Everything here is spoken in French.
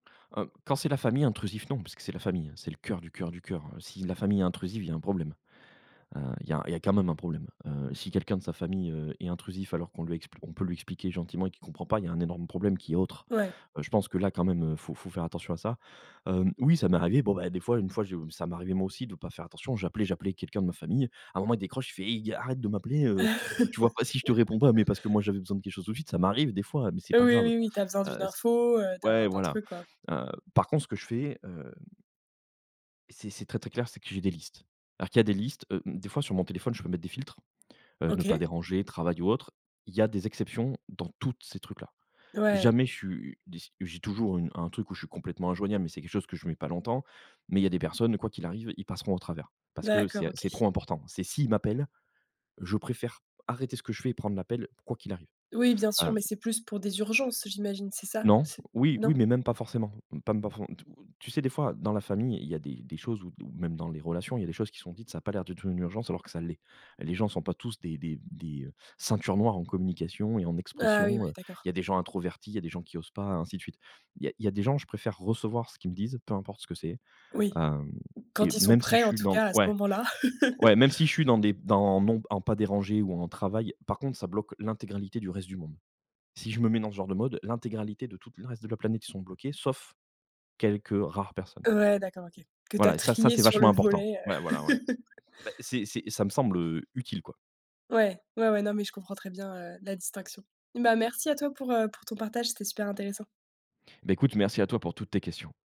Hem, quand c'est la famille, intrusif, non, puisque c'est la famille, c'est le cœur du cœur du cœur. Heu, si la famille est intrusive, il y a un problème. Heu, il y a il y a quand même un problème, heu, si quelqu'un de sa famille, heu, est intrusif, alors qu'on lui expli on peut lui expliquer gentiment et qu'il comprend pas, il y a un énorme problème qui est autre. Ouais. Heu, je pense que là quand même, heu, il faut faut faire attention à ça. Hem, oui, ça m'est arrivé, bon, beh, des fois une fois, je m ça m'arrivait moi aussi de pas faire attention. J'appelais j'appelais quelqu'un de ma famille, à un moment il décroche, il fait: «I arrête de m'appeler, heu, tu vois pas si je te réponds pas», mais parce que moi j'avais besoin de quelque chose tout suite, ça m'arrive des fois, heu, mais c'est pas Oui, grave. oui, oui, tu as besoin d'une Heu, c info, heu, ouais, d'un d'un voilà. truc, quoi. Hem, par contre ce que je fais, heu c'est c'est très, très clair, c'est que j'ai des listes. Alors qu'il y a des listes, hem, des fois sur mon téléphone, je peux mettre des filtres, heu, ne pas OK. déranger, travail ou autre. Il y a des exceptions dans toutes ces trucs là. Ouais. Jamais je suis, heu, dis j'ai toujours une un truc où je suis complètement injoignable, mais c'est quelque chose que je mets pas longtemps, mais il y a des personnes quoi qu'il arrive, ils passeront au travers, parce que c'est D'accord, a OK. c'est trop important. C'est s'ils m'appellent, je préfère arrêter ce que je fais et prendre l'appel quoi qu'il arrive, Oui, bien sûr, hem mais c'est plus pour des urgences j'imagine, c'est ça? Non. C'est Oui, oui, non? mais même pas forcément. Mmh pas m pas fo t heu, tu sais, des fois, dans la famille, il y a des des choses ou ou même dans les relations, il y a des choses qui sont dites, ça a pas l'air d'être une urgence alors que ça l'est. Les gens sont pas tous des des des ceintures noires en communication et en Ah oui, ouais, expression, heu, d'accord. il y a des gens introvertis, il y a des gens qui osent pas, ainsi de suite. Il y a il y a des gens, je préfère recevoir ce qu'ils me disent, peu importe ce que c'est, Oui. hem et Quand ils sont même si je prêts, en suis tout dans cas, à ce ouais, moment-là. ouais, même si je suis dans des dans non, en pas déranger ou en travail, par contre, ça bloque l'intégralité du reste du monde. Si je me mets dans ce genre de mode, l'intégralité de toute le reste de la planète, ils sont bloqués, sauf quelques rares personnes. Ouais, d'accord, OK, que tu as Voilà et ça ça, trié c'est sur vachement le important. volet, heu Ouais, voilà, ouais. Bah, c'est c'est ça me semble, heu, utile, quoi. Ouais, ouais, ouais, non, mais je comprends très bien, heu, la distinction. Bah, merci à toi pour, heu, pour ton partage. C'était super intéressant. Bah, écoute merci à toi pour toutes tes questions.